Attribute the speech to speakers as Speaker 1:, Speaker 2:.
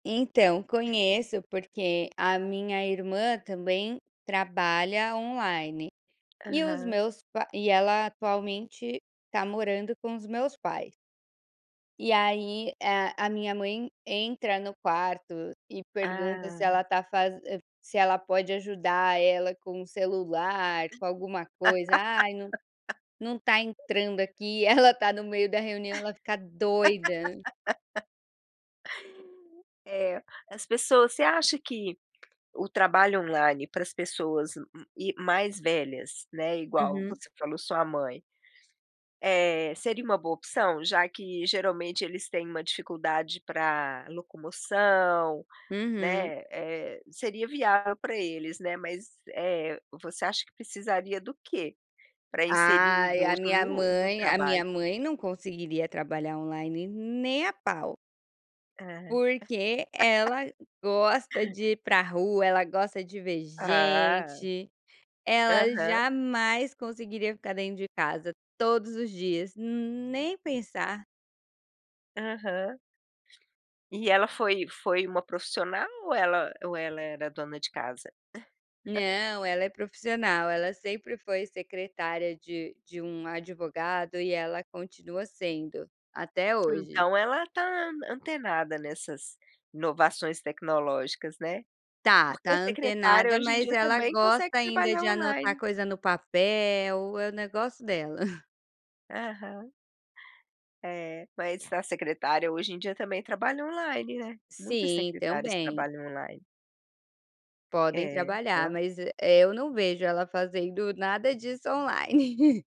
Speaker 1: Então conheço, porque a minha irmã também trabalha online, e os
Speaker 2: Aham.
Speaker 1: meus p e ela atualmente, está morando com os meus pais. E aí, a a minha mãe entra no quarto, e pergunta se
Speaker 2: Ah.
Speaker 1: ela está faze se ela pode ajudar ela com o celular, com alguma coisa: "Ai, não não está entrando aqui". Ela tá no meio da reunião, ela fica doida.
Speaker 2: É, as pessoas você acha que, o trabalho online, para as pessoas e mais velhas, né, igual
Speaker 1: Uhum.
Speaker 2: você falou, sua mãe, é, seria uma boa opção? Já que, geralmente, eles têm uma dificuldade para locomoção,
Speaker 1: Uhum.
Speaker 2: né, é, seria viável para eles, né. Mas, eh, você acha que precisaria do quê para inserir o
Speaker 1: Ai, a
Speaker 2: idoso
Speaker 1: minha
Speaker 2: no no
Speaker 1: mãe a
Speaker 2: trabalho?
Speaker 1: minha mãe não conseguiria trabalhar online nem a pau.
Speaker 2: É.
Speaker 1: Porque ela gosta de ir para rua, ela gosta de ver
Speaker 2: Ah.
Speaker 1: gente, ela
Speaker 2: Aham.
Speaker 1: jamais conseguiria ficar dentro de casa todos os dias, nem pensar.
Speaker 2: Aham. E ela foi foi uma profissional ou ela ou ela era dona de casa?
Speaker 1: Não, ela é profissional, ela sempre foi secretária de de um advogado e ela continua sendo, até hoje.
Speaker 2: Então ela está antenada nessas, inovações tecnológicas, né.
Speaker 1: Tá tá
Speaker 2: Porque secretária
Speaker 1: antenada
Speaker 2: hoje em
Speaker 1: mas
Speaker 2: dia
Speaker 1: ela
Speaker 2: também consegue
Speaker 1: gosta ainda
Speaker 2: trabalhar
Speaker 1: de anotar
Speaker 2: online.
Speaker 1: coisa no papel, é o negócio dela.
Speaker 2: Aham. É, mas a secretária hoje em dia também trabalha online, né. Muitas
Speaker 1: Sim,
Speaker 2: secretárias
Speaker 1: também.
Speaker 2: trabalham online.
Speaker 1: Podem
Speaker 2: É,
Speaker 1: trabalhar,
Speaker 2: ela
Speaker 1: mas e é eu não vejo ela fazendo nada disso online.